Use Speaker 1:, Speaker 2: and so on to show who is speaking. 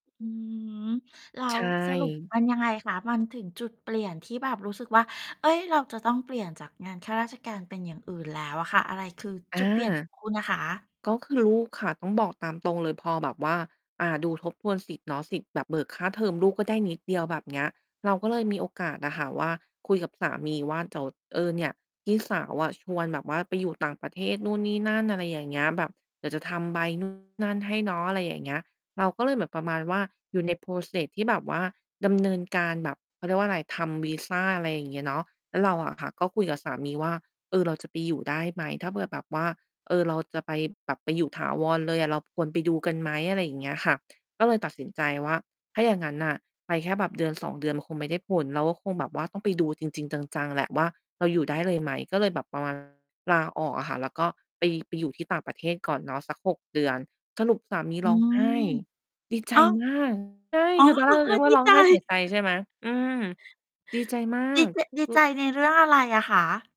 Speaker 1: อือฮึ แล้
Speaker 2: ใช
Speaker 1: วสรุป
Speaker 2: ่
Speaker 1: มันยังไงคะ? มันถึงจุดเปลี่ยนที่แบบรู้สึกว่า "เอ๊ย! เราจะต้องเปลี่ยนจากงานข้าราชการ เป็นอย่างอื่นแล้ว" อะค่ะ อะไรคือ
Speaker 2: อ
Speaker 1: จุ
Speaker 2: า
Speaker 1: ดเปลี่ยน ของ คุณน่ะคะ?
Speaker 2: ก็คือลูกค่ะ ต้องบอกตามตรงเลย พอแบบว่า อ่า ดูทบทวนสิทธิ์เนาะ สิทธิ์แบบเบิกค่าเทอมลูกก็ได้นิดเดียว แบบเนี้ย เราก็เลยมีโอกาสอะค่ะว่า คุยกับสามีว่า "เดี๋ยว เออ เนี่ย พี่สาวอะชวนแบบว่าไปอยู่ต่างประเทศนู่นนี่นั่น" อะไรอย่างเงี้ย แบบ "เดี๋ยวจะทำใบ นู่น นั่นให้เนาะ" อะไรอย่างเงี้ย เราก็เลยแบบประมาณว่า อยู่ใน process ที่แบบว่าดำเนินการแบบ เขาเรียกว่าอะไร ทำวีซา อะไรอย่างเงี้ยเนาะ แล้วเราอะค่ะ ก็คุยกับสามีว่า "เออ เราจะไปอยู่ได้ไหม?" ถ้าเผื่อแบบว่า "เออ เราจะไปแบบไปอยู่ถาวรเลยอะ เราควรไปดูกันไหม?" อะไรอย่างเงี้ยค่ะ ก็เลยตัดสินใจว่า ถ้าอย่างงั้นน่ะ ไปแค่แบบ 1-2 เดือน มันคงไม่ได้ผล เราก็คงแบบว่าต้องไปดูจริง ๆ จัง ๆ แหละว่า เราอยู่ได้เลยไหม ก็เลยแบบ ประมาณ ลาออกอะค่ะ แล้วก็ไป ไปอยู่ที่ต่างประเทศก่อนเนาะสัก 6 เดือน สรุปสามี
Speaker 1: อื
Speaker 2: ร้องไ
Speaker 1: ม
Speaker 2: ห้ ดีใจ
Speaker 1: อ้าว
Speaker 2: มาก ใช่
Speaker 1: อ๋อ
Speaker 2: คือตอนแร
Speaker 1: ร้
Speaker 2: ก
Speaker 1: องไห
Speaker 2: น
Speaker 1: ้
Speaker 2: ึกว่
Speaker 1: ด
Speaker 2: า
Speaker 1: ี
Speaker 2: ร้อง
Speaker 1: ใจ
Speaker 2: ไห้เสียใจ ใช่ไหม? อืม ดีใจมา
Speaker 1: ดี
Speaker 2: ก
Speaker 1: จะ ดี
Speaker 2: คื
Speaker 1: ใจ
Speaker 2: อ
Speaker 1: ในเรื่องอะไรอะคะ?